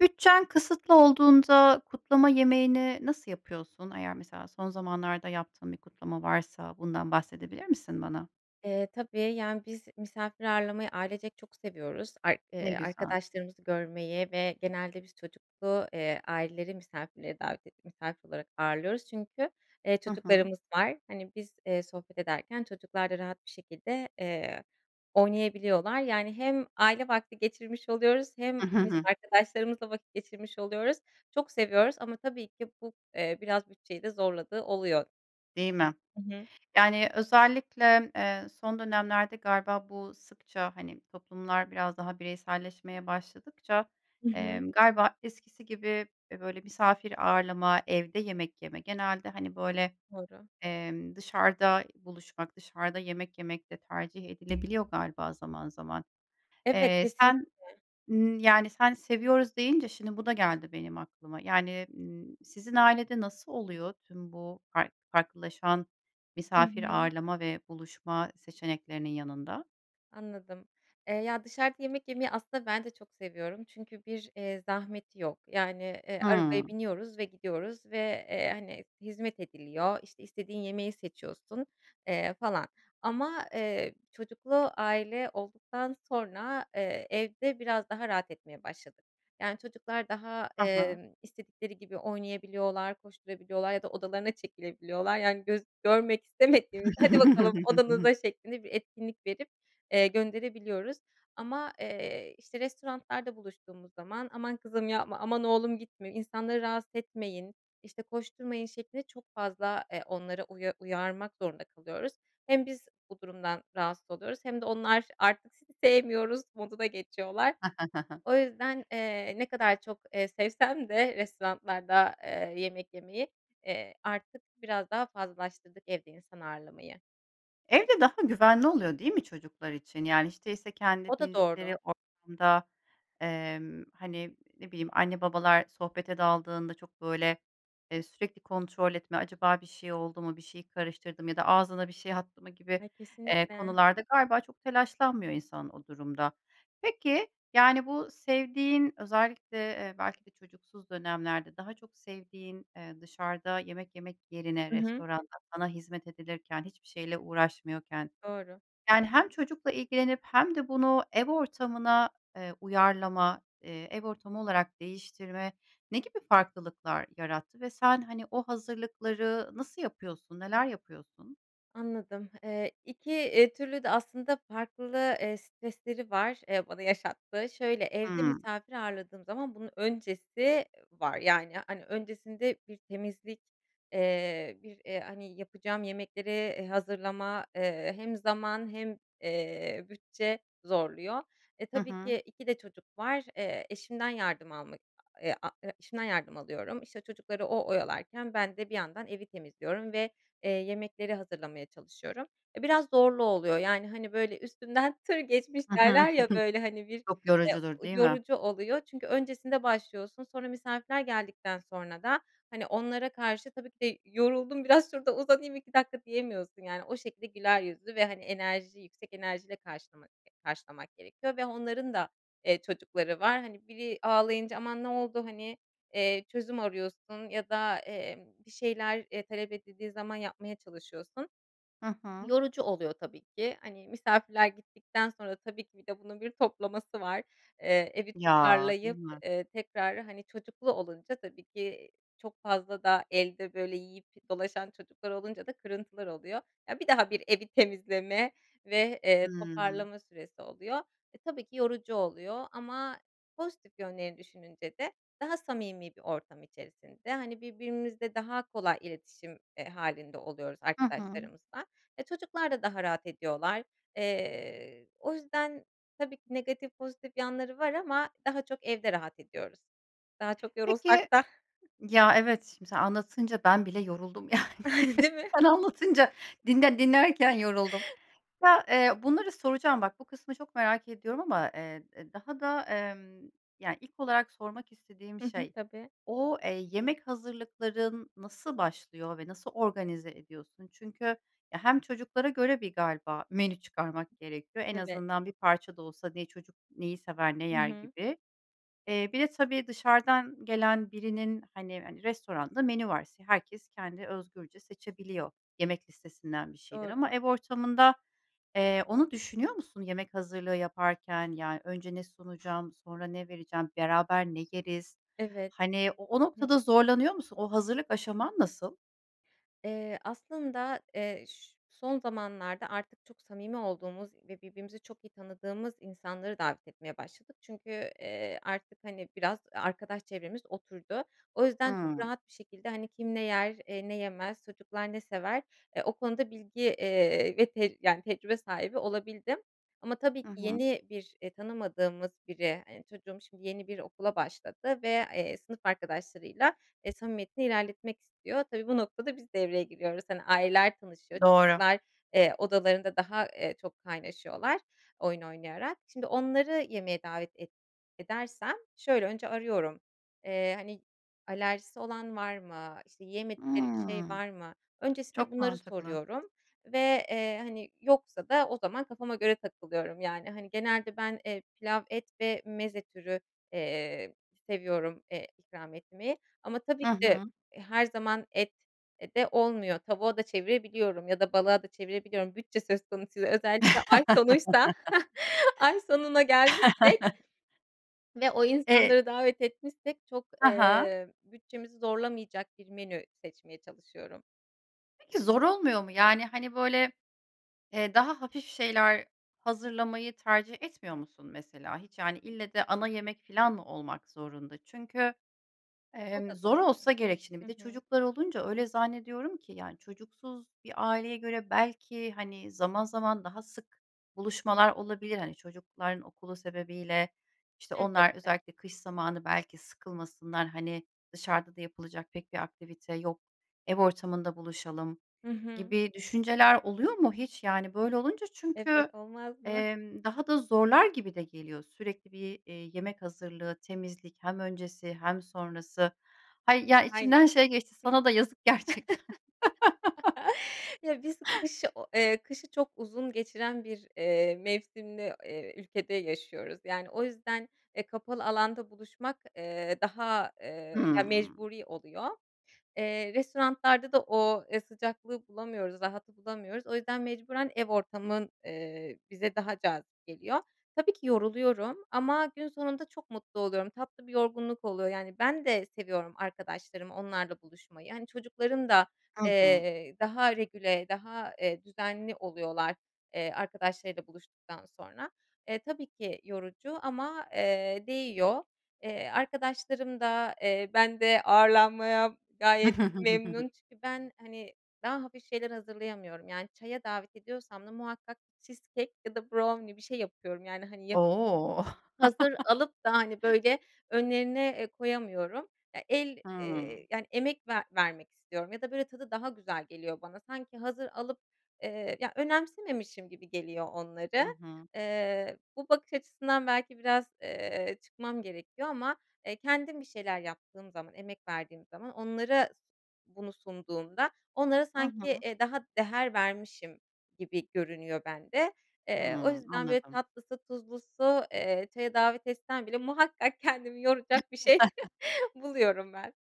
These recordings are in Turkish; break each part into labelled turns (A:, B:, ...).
A: Bütçen kısıtlı olduğunda kutlama yemeğini nasıl yapıyorsun? Eğer mesela son zamanlarda yaptığın bir kutlama varsa, bundan bahsedebilir misin bana?
B: Eee, tabii. Yani, biz misafir ağırlamayı ailecek çok seviyoruz. Ay
A: Ne
B: eee,
A: güzel.
B: arkadaşlarımızı görmeyi ve genelde biz çocuklu, eee, aileleri misafirlere davet edip misafir olarak ağırlıyoruz çünkü, eee,
A: Hı hı.
B: çocuklarımız var. Hani, biz, eee, sohbet ederken çocuklar da rahat bir şekilde, eee, oynayabiliyorlar. Yani, hem aile vakti geçirmiş oluyoruz hem biz arkadaşlarımızla vakit geçirmiş oluyoruz. Çok seviyoruz ama tabii ki bu, eee, biraz bütçeyi de zorladığı oluyor.
A: Değil mi?
B: Hı hı.
A: Yani, özellikle, eee, son dönemlerde galiba bu sıkça, hani, toplumlar biraz daha bireyselleşmeye başladıkça,
B: Hı hı.
A: emm, galiba eskisi gibi, eee, böyle, misafir ağırlama, evde yemek yeme, genelde, hani, böyle,
B: Doğru.
A: emm, dışarıda buluşmak, dışarıda yemek yemek de tercih edilebiliyor galiba zaman zaman.
B: Evet,
A: Eee, sen,
B: kesinlikle.
A: ımm, yani, sen seviyoruz deyince şimdi bu da geldi benim aklıma. Yani, ımm, sizin ailede nasıl oluyor tüm bu fark farklılaşan
B: Hı
A: misafir
B: hı.
A: ağırlama ve buluşma seçeneklerinin yanında?
B: Anladım. Eee, ya dışarıda yemek yemeyi aslında ben de çok seviyorum çünkü bir, eee, zahmeti yok. Yani, eee, arabaya
A: Hıı.
B: biniyoruz ve gidiyoruz ve, eee, hani, hizmet ediliyor, işte, istediğin yemeği seçiyorsun, eee, falan ama, eee, çocuklu aile olduktan sonra, eee, evde biraz daha rahat etmeye başladık. Yani, çocuklar daha,
A: Hı hı.
B: eee, istedikleri gibi oynayabiliyorlar, koşturabiliyorlar ya da odalarına çekilebiliyorlar. Yani, göz görmek istemediğimizde hadi bakalım odanıza şeklinde bir etkinlik verip, eee, gönderebiliyoruz ama, eee, işte, restoranlarda buluştuğumuz zaman aman kızım yapma, aman oğlum gitme, insanları rahatsız etmeyin, işte, koşturmayın şeklinde çok fazla, eee, onları uya uyarmak zorunda kalıyoruz. Hem biz bu durumdan rahatsız oluyoruz hem de onlar artık sizi sevmiyoruz moduna geçiyorlar. O yüzden, eee, ne kadar çok, eee, sevsem de restoranlarda eee, yemek yemeyi, eee, artık biraz daha fazlalaştırdık evde insan ağırlamayı.
A: Evde daha güvenli oluyor değil mi çocuklar için? Yani, hiç değilse
B: O
A: kendi
B: da
A: bildikleri
B: doğru.
A: ortamda, emm, hani, ne bileyim, anne babalar sohbete daldığında çok, böyle, eee, sürekli kontrol etme, acaba bir şey oldu mu, bir şeyi karıştırdı mı ya da ağzına bir şey attı mı gibi,
B: Ay,
A: eee,
B: kesinlikle.
A: konularda galiba çok telaşlanmıyor insan o durumda. Peki, yani, bu sevdiğin, özellikle, eee, belki de çocuksuz dönemlerde daha çok sevdiğin, eee, dışarıda yemek yemek yerine
B: Hı hı.
A: restoranda sana hizmet edilirken, hiçbir şeyle uğraşmıyorken,
B: Doğru.
A: yani, hem çocukla ilgilenip hem de bunu ev ortamına, eee, uyarlama, eee, ev ortamı olarak değiştirme ne gibi farklılıklar yarattı ve sen, hani, o hazırlıkları nasıl yapıyorsun, neler yapıyorsun?
B: Anladım. Eee, 2 eee, türlü de aslında farklı, eee, stresleri var, eee, bana yaşattığı. Şöyle, evde
A: Hımm.
B: misafir ağırladığım zaman bunun öncesi var. Yani, hani, öncesinde bir temizlik, eee, bir, eee, hani, yapacağım yemekleri, eee, hazırlama, eee, hem zaman hem, eee, bütçe zorluyor. E,
A: Hı
B: tabii
A: hı.
B: ki 2 de çocuk var. Eee, eşimden yardım almak, eee, a e-eşimden yardım alıyorum. İşte, çocukları o oyalarken ben de bir yandan evi temizliyorum ve, eee, yemekleri hazırlamaya çalışıyorum. Eee, biraz zorlu oluyor, yani, hani, böyle üstümden tır geçmiş
A: Hı hı. Hı
B: derler
A: hı.
B: ya, böyle hani bir,
A: Çok
B: eee,
A: yorucudur, değil mi?
B: yorucu oluyor çünkü öncesinde başlıyorsun, sonra misafirler geldikten sonra da hani onlara karşı tabii ki de yoruldum biraz şurada uzanayım 2 dakika diyemiyorsun. Yani, o şekilde güler yüzlü ve, hani, enerji yüksek enerjiyle karşılamak karşılamak gerekiyor ve onların da, eee, çocukları var. Hani, biri ağlayınca aman ne oldu hani, eee, çözüm arıyorsun ya da, eee, bir şeyler, eee, talep edildiği zaman yapmaya çalışıyorsun.
A: Hı hı.
B: Yorucu oluyor tabii ki. Hani, misafirler gittikten sonra tabii ki bir de bunun bir toplaması var. Eee, evi
A: Ya, değil
B: toparlayıp,
A: mi?
B: eee, tekrar, hani, çocuklu olunca, tabii ki i çok fazla da elde böyle yiyip dolaşan çocuklar olunca da kırıntılar oluyor. Ya, bir daha bir evi temizleme ve, eee,
A: Hımm.
B: toparlama süresi oluyor. Eee, tabii ki yorucu oluyor ama pozitif yönleri düşününce de daha samimi bir ortam içerisinde, hani, birbirimizle daha kolay iletişim, eee, hâlinde oluyoruz
A: Hı hı.
B: arkadaşlarımızla, eee, çocuklar da daha rahat ediyorlar. Eee, o yüzden tabii ki negatif pozitif yanları var ama daha çok evde rahat ediyoruz. Daha çok
A: Peki,
B: yorulsak da.
A: ya, evet, şimdi sen anlatınca ben bile yoruldum, yani.
B: Değil mi?
A: Sen anlatınca dinle dinlerken yoruldum. Ya, eee, bunları soracağım bak, bu kısmı çok merak ediyorum ama, eee, daha da, emm, ya ilk olarak sormak istediğim
B: Hı hı,
A: şey
B: tabii.
A: o, eee, yemek hazırlıkların nasıl başlıyor ve nasıl organize ediyorsun? Çünkü, ya, hem çocuklara göre bir galiba menü çıkarmak gerekiyor. En
B: Evet.
A: azından bir parça da olsa ne çocuk neyi sever, ne
B: Hı
A: yer
B: hı.
A: gibi. Eee, bir de, tabii, dışarıdan gelen birinin, hani hani, restoranda menü var. Herkes kendi özgürce seçebiliyor yemek listesinden bir şeyler ama
B: Doğru.
A: ev ortamında, eee, onu düşünüyor musun yemek hazırlığı yaparken, yani, önce ne sunacağım sonra ne vereceğim beraber ne yeriz?
B: Evet.
A: Hani, o o noktada zorlanıyor musun, o hazırlık aşaman nasıl?
B: Eee, aslında, eee, ş son zamanlarda artık çok samimi olduğumuz ve birbirimizi çok iyi tanıdığımız insanları davet etmeye başladık. Çünkü, eee, artık, hani, biraz, e arkadaş çevremiz oturdu. O yüzden çok
A: Hımm.
B: rahat bir şekilde, hani, kim ne yer, eee, ne yemez, çocuklar ne sever, eee, o konuda bilgi, eee, ve tec yani tecrübe sahibi olabildim ama, tabii, ki
A: Hı hı.
B: yeni bir, eee, tanımadığımız biri, eee, çocuğum şimdi yeni bir okula başladı ve, eee, sınıf arkadaşlarıyla, eee, samimiyetini ilerletmek istiyor. Tabii, bu noktada biz devreye giriyoruz, hani, aileler tanışıyorlar,
A: Doğru.
B: çocuklar, eee, odalarında daha, eee, çok kaynaşıyorlar oyun oynayarak. Şimdi onları yemeğe davet et edersem şöyle önce arıyorum, eee, hani, alerjisi olan var mı, işte, yiyemedikleri bir şey
A: Imm.
B: var mı? Öncesinde
A: Çok
B: bunları
A: mantıklı.
B: soruyorum ve, eee, hani, yoksa da o zaman kafama göre takılıyorum. Yani, hani, genelde ben, eee, pilav et ve meze türü, eee, seviyorum, eee, ikram etmeyi ama,
A: I
B: tabii, ki de,
A: hı.
B: eee, her zaman et de olmuyor. Tavuğa da çevirebiliyorum ya da balığa da çevirebiliyorum. Bütçe söz konusu özellikle ay sonuysa, ay sonuna gelmişsek ve o
A: E
B: insanları davet etmişsek çok,
A: Ha ha.
B: eee, bütçemizi zorlamayacak bir menü seçmeye çalışıyorum.
A: Peki, zor olmuyor mu? Yani, hani, böyle, eee, daha hafif şeyler hazırlamayı tercih etmiyor musun mesela? Hiç, yani, ille de ana yemek filan mı olmak zorunda? Çünkü,
B: O
A: emm,
B: da
A: zor
B: doğru.
A: olsa gerek şimdi,
B: Hı
A: bir de
B: hı.
A: çocuklar olunca öyle zannediyorum ki yani çocuksuz bir aileye göre belki, hani, zaman zaman daha sık buluşmalar olabilir, hani, çocukların okulu sebebiyle. İşte, onlar,
B: Elbette.
A: özellikle kış zamanı, belki sıkılmasınlar, hani, dışarıda da yapılacak pek bir aktivite yok, ev ortamında buluşalım
B: Hı hı.
A: gibi düşünceler oluyor mu hiç? Yani, böyle olunca çünkü,
B: Evet, olmaz mı?
A: emm, daha da zorlar gibi de geliyor sürekli bir, eee, yemek hazırlığı, temizlik hem öncesi hem sonrası. Hayır ya,
B: Aynen.
A: içimden şey geçti:
B: Hıh.
A: Sana da yazık gerçekten.
B: Ya, biz kışı o eee, kışı çok uzun geçiren bir, eee, mevsimli, eee, ülkede yaşıyoruz. Yani, o yüzden, eee, kapalı alanda buluşmak, eee, daha, eee, ya,
A: Hımm.
B: mecburi oluyor. Eee, restoranlarda da o, ııı, sıcaklığı bulamıyoruz, rahatı bulamıyoruz. O yüzden mecburen ev ortamın, eee, bize daha cazip geliyor. Tabii ki yoruluyorum ama gün sonunda çok mutlu oluyorum, tatlı bir yorgunluk oluyor. Yani, ben de seviyorum arkadaşlarımı, onlarla buluşmayı. Hani, çocukların da,
A: Hı hı.
B: eee, daha regüle, daha, eee, düzenli oluyorlar, eee, arkadaşlarıyla buluştuktan sonra. Eee, tabii ki yorucu ama, eee, değiyor. Eee, arkadaşlarım da, eee, bende ağırlanmaya gayet memnun çünkü ben, hani, daha hafif şeyler hazırlayamıyorum. Yani, çaya davet ediyorsam da muhakkak cheesecake ya da brownie, bir şey yapıyorum. Yani, hani, yap
A: O!
B: hazır alıp da, hani, böyle önlerine, eee, koyamıyorum. Ya, el, eee,
A: Hımm.
B: hani, emek ver vermek istiyorum ya da böyle tadı daha güzel geliyor bana. Sanki hazır alıp, eee, ya, önemsememişim gibi geliyor
A: Hı
B: onları.
A: hı.
B: Eee, bu bakış açısından belki biraz, eee, çıkmam gerekiyor ama, eee, kendim bir şeyler yaptığım zaman, emek verdiğim zaman onlara bunu sunduğumda onlara
A: Hı
B: sanki,
A: hı.
B: eee, daha değer vermişim gibi görünüyor bende. Eee, o
A: Hımm.
B: yüzden böyle
A: Anladım.
B: tatlısı, tuzlusu, eee, çaya davet etsen bile muhakkak kendimi yoracak bir şey buluyorum ben.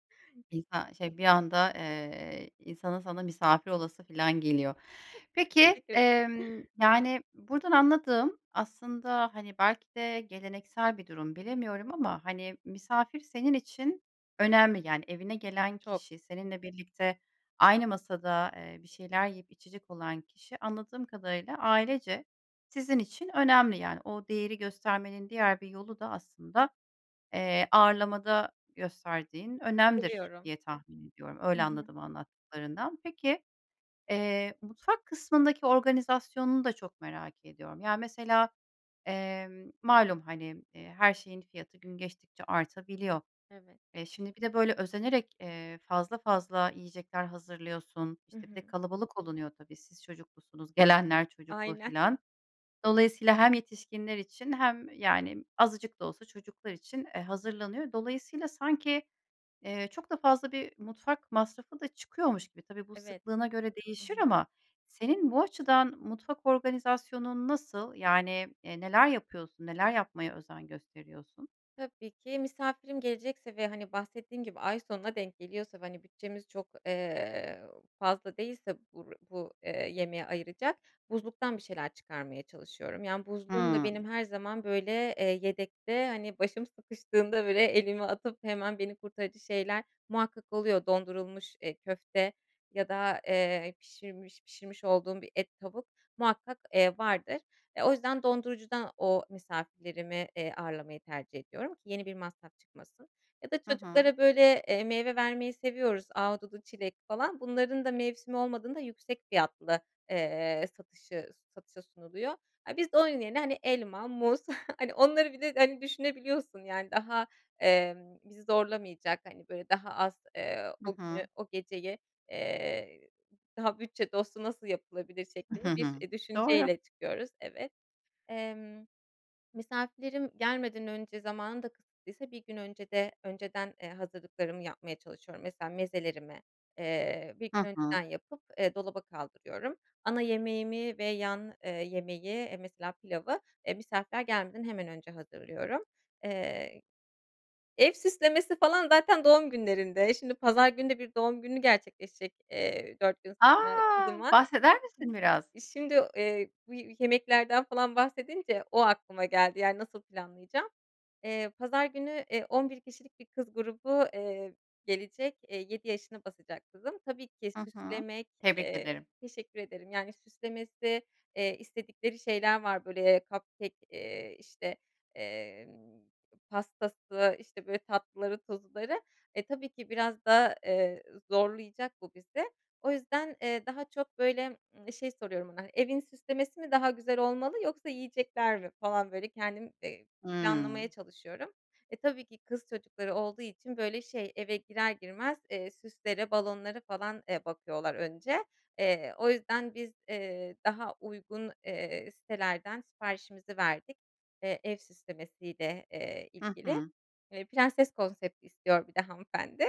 A: İnsan, şey, bir anda, eee, insanın sana misafir olası filan geliyor. Peki,
B: Teşekkür ederim.
A: emm, yani, buradan anladığım aslında, hani, belki de geleneksel bir durum, bilemiyorum ama, hani, misafir senin için önemli. Yani, evine gelen
B: Çok.
A: kişi seninle birlikte aynı masada, eee, bir şeyler yiyip içecek olan kişi anladığım kadarıyla ailece sizin için önemli yani. O değeri göstermenin diğer bir yolu da aslında, eee, ağırlamada gösterdiğin önemdir
B: Seviyorum.
A: diye tahmin ediyorum.
B: Hı
A: Öyle
B: hı.
A: anladım anlattıklarından. Peki, eee, mutfak kısmındaki organizasyonunu da çok merak ediyorum. Ya, mesela, emm, malum hani, eee, her şeyin fiyatı gün geçtikçe artabiliyor.
B: Evet.
A: E, şimdi bir de böyle özenerek, eee, fazla fazla yiyecekler hazırlıyorsun.
B: Hı
A: İşte, bir
B: hı.
A: de kalabalık olunuyor tabii. Siz çocuklusunuz, gelenler çocuklu
B: Aynen.
A: filan. Dolayısıyla hem yetişkinler için hem, yani, azıcık da olsa çocuklar için, eee, hazırlanıyor. Dolayısıyla sanki, eee, çok da fazla bir mutfak masrafı da çıkıyormuş gibi, tabii bu
B: Evet.
A: sıklığına göre
B: Hı
A: değişir
B: hı.
A: ama senin bu açıdan mutfak organizasyonun nasıl? Yani, eee, neler yapıyorsun? Neler yapmaya özen gösteriyorsun?
B: Tabii ki. Misafirim gelecekse ve, hani, bahsettiğim gibi ay sonuna denk geliyorsa ve, hani, bütçemiz çok, eee, fazla değilse bur bu, eee, yemeğe ayıracak, buzluktan bir şeyler çıkarmaya çalışıyorum. Yani, buzluğumda
A: Hıı.
B: benim her zaman, böyle, eee, yedekte, hani, başım sıkıştığında, böyle, elimi atıp hemen beni kurtarıcı şeyler muhakkak oluyor. Dondurulmuş, eee, köfte ya da, eee, pişirmiş pişirmiş olduğum bir et, tavuk muhakkak, eee, vardır. Eee, o yüzden dondurucudan o misafirlerimi, eee, ağırlamayı tercih ediyorum ki yeni bir masraf çıkmasın. Ya da
A: Hı hı.
B: çocuklara böyle, eee, meyve vermeyi seviyoruz. Ahududu, çilek falan. Bunların da mevsimi olmadığında, yüksek fiyatlı, eee, satışı satışa sunuluyor. Aaa, biz de onun yerine, hani, elma, muz, hani, onları bir de, hani, düşünebiliyorsun yani. Daha, emm, bizi zorlamayacak, hani, böyle daha az, eee,
A: Hı
B: o günü,
A: hı.
B: o geceyi, eee, "Daha bütçe dostu nasıl yapılabilir?" şeklinde bir, eee,
A: Doğru.
B: düşünceyle çıkıyoruz. Evet. Emm, misafirlerim gelmeden önce, zamanım da kısıtlıysa 1 gün öncede önceden, eee, hazırlıklarımı yapmaya çalışıyorum. Mesela mezelerimi, eee, 1
A: Hı
B: gün
A: hı.
B: önceden yapıp, eee, dolaba kaldırıyorum. Ana yemeğimi ve yan, eee, yemeği, eee, mesela pilavı, e, misafirler gelmeden hemen önce hazırlıyorum. Eee, ev süslemesi falan zaten doğum günlerinde, şimdi pazar günü de bir doğum günü gerçekleşecek, eee, 4 gün sonra
A: A!
B: kızımın.
A: Bahseder misin biraz?
B: İii, şimdi, eee, bu yemeklerden falan bahsedince o aklıma geldi. Yani, nasıl planlayacağım? Eee, pazar günü, eee, 11 kişilik bir kız grubu, eee, gelecek. Eee, 7 yaşına basacak kızım. Tabii ki,
A: Hı hı.
B: süslemek
A: Tebrik
B: eee,
A: ederim.
B: teşekkür ederim. Yani, süslemesi, eee, istedikleri şeyler var. Böyle, cupcake eee, işte, emm, pastası, işte, böyle, tatlıları, tuzluları. Eee, tabii ki, biraz da, eee, zorlayacak bu bizi. O yüzden, eee, daha çok, böyle, şey soruyorum ona, hani, "Evin süslemesi mi daha güzel olmalı yoksa yiyecekler mi?" falan böyle kendim, eee, planlamaya
A: Hımm.
B: çalışıyorum. E, tabii ki kız çocukları olduğu için böyle, şey, eve girer girmez, eee, süslere, balonlara falan, eee, bakıyorlar önce. Eee, o yüzden biz, eee, daha uygun, eee, sitelerden siparişimizi verdik, eee, ev süslemesiyle, eee,
A: Hı
B: ilgili.
A: hı.
B: Eee, prenses konsepti istiyor bir de hanımefendi.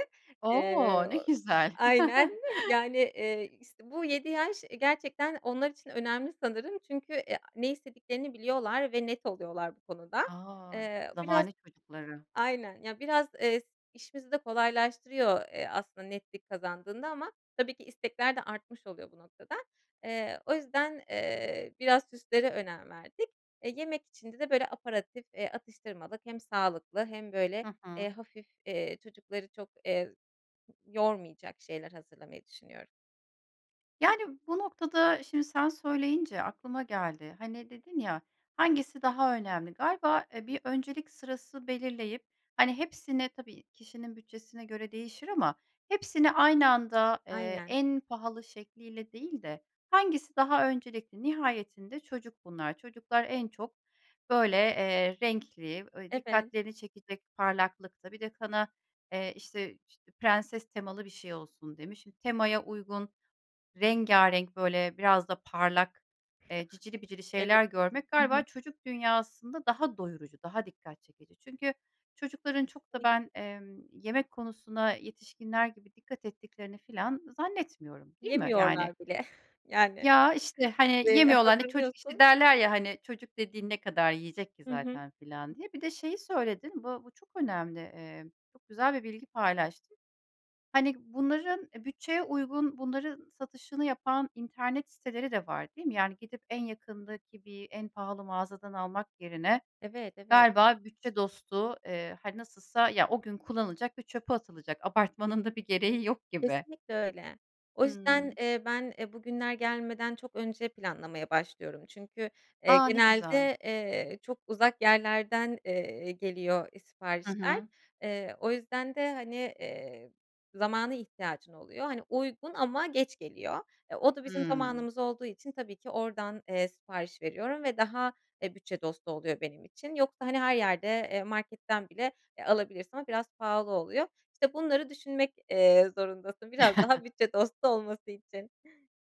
B: Eee,
A: O! Ne güzel.
B: aynen. Yani, eee, işte, bu 7 yaş, eee, gerçekten onlar için önemli sanırım. Çünkü ne istediklerini biliyorlar ve net oluyorlar bu konuda.
A: Ay,
B: Eee, biraz
A: zamane çocukları.
B: Aynen. Ya, biraz, eee, işimizi de kolaylaştırıyor, eee, aslında netlik kazandığında ama tabii ki istekler de artmış oluyor bu noktada. Eee, o yüzden, eee, biraz süslere önem verdik. Eee, yemek içinde de böyle aperitif, eee, atıştırmalık hem sağlıklı hem böyle,
A: Hı
B: eee,
A: hı.
B: hafif, eee, çocukları çok, eee, yormayacak şeyler hazırlamayı düşünüyorum.
A: Yani, bu noktada, şimdi sen söyleyince aklıma geldi. Hani, dedin ya: Hangisi daha önemli? Galiba, eee, bir öncelik sırası belirleyip, hani, hepsini tabii kişinin bütçesine göre değişir ama hepsini aynı anda, eee,
B: Aynen.
A: en pahalı şekliyle değil de hangisi daha öncelikli? Nihayetinde çocuk bunlar. Çocuklar en çok böyle, eee, renkli, ööö,
B: Evet.
A: dikkatlerini çekecek parlaklıkta, bir de kana, eee, işte işte, prenses temalı bir şey olsun demişiz. Şimdi temaya uygun, rengârenk, böyle, biraz da parlak, eee cicili bicili
B: Eve
A: şeyler görmek
B: Hı
A: galiba
B: hı.
A: çocuk dünyasında daha doyurucu, daha dikkat çekici. Çünkü çocukların çok da
B: Kesinlikle.
A: ben, emm, yemek konusuna yetişkinler gibi dikkat ettiklerini falan zannetmiyorum, değil mi? Yani.
B: Yemiyorlar bile. Yani.
A: Ya, işte, hani,
B: Eee,
A: yemiyorlar, hani, çocuk işte
B: hazırlıyorsun
A: derler ya, hani, çocuk dediğin ne kadar yiyecek ki
B: Hı hı.
A: zaten falan diye. Bir de şeyi söyledin, bu bu çok önemli, eee, çok güzel bir bilgi paylaştın: Hani, bunların bütçeye uygun, bunların satışını yapan internet siteleri de var, değil mi? Yani, gidip en yakındaki bir en pahalı mağazadan almak yerine
B: Evet, evet.
A: galiba bütçe dostu, eee, hani, nasılsa ya, o gün kullanılacak ve çöpe atılacak. Abartmanın da bir gereği yok gibi.
B: Kesinlikle öyle. O yüzden,
A: Hıı.
B: eee, ben, eee, bugünler gelmeden çok önce planlamaya başlıyorum, çünkü, eee,
A: A! Ne güzel.
B: genelde, eee, çok uzak yerlerden, eee, geliyor, eee,
A: Hı
B: siparişler.
A: hı.
B: Eee, o yüzden de hani, eee, zamana ihtiyacın oluyor. Hani, uygun ama geç geliyor. E, o da bizim
A: Hıı.
B: zamanımız olduğu için tabii ki oradan, eee, sipariş veriyorum ve daha, eee, bütçe dostu oluyor benim için. Yoksa, hani, her yerde, eee, marketten bile, eee, alabilirsin ama biraz pahalı oluyor. İşte, bunları düşünmek, eee, zorundasın biraz daha bütçe dostu olması için.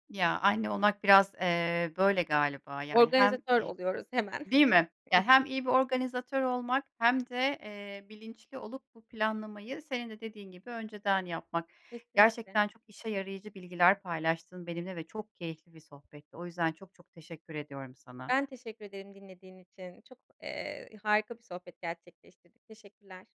A: Ya, anne olmak biraz, eee, böyle galiba, yani, hem
B: Organizatör
A: e
B: oluyoruz hemen.
A: Değil mi? Ya, hem iyi bir organizatör olmak hem de, eee, bilinçli olup bu planlamayı, senin de dediğin gibi, önceden yapmak.
B: Kesinlikle.
A: Gerçekten çok işe yarayıcı bilgiler paylaştın benimle ve çok keyifli bir sohbetti. O yüzden çok çok teşekkür ediyorum sana.
B: Ben, teşekkür ederim dinlediğin için. Çok, eee, harika bir sohbet gerçekleştirdik, teşekkürler.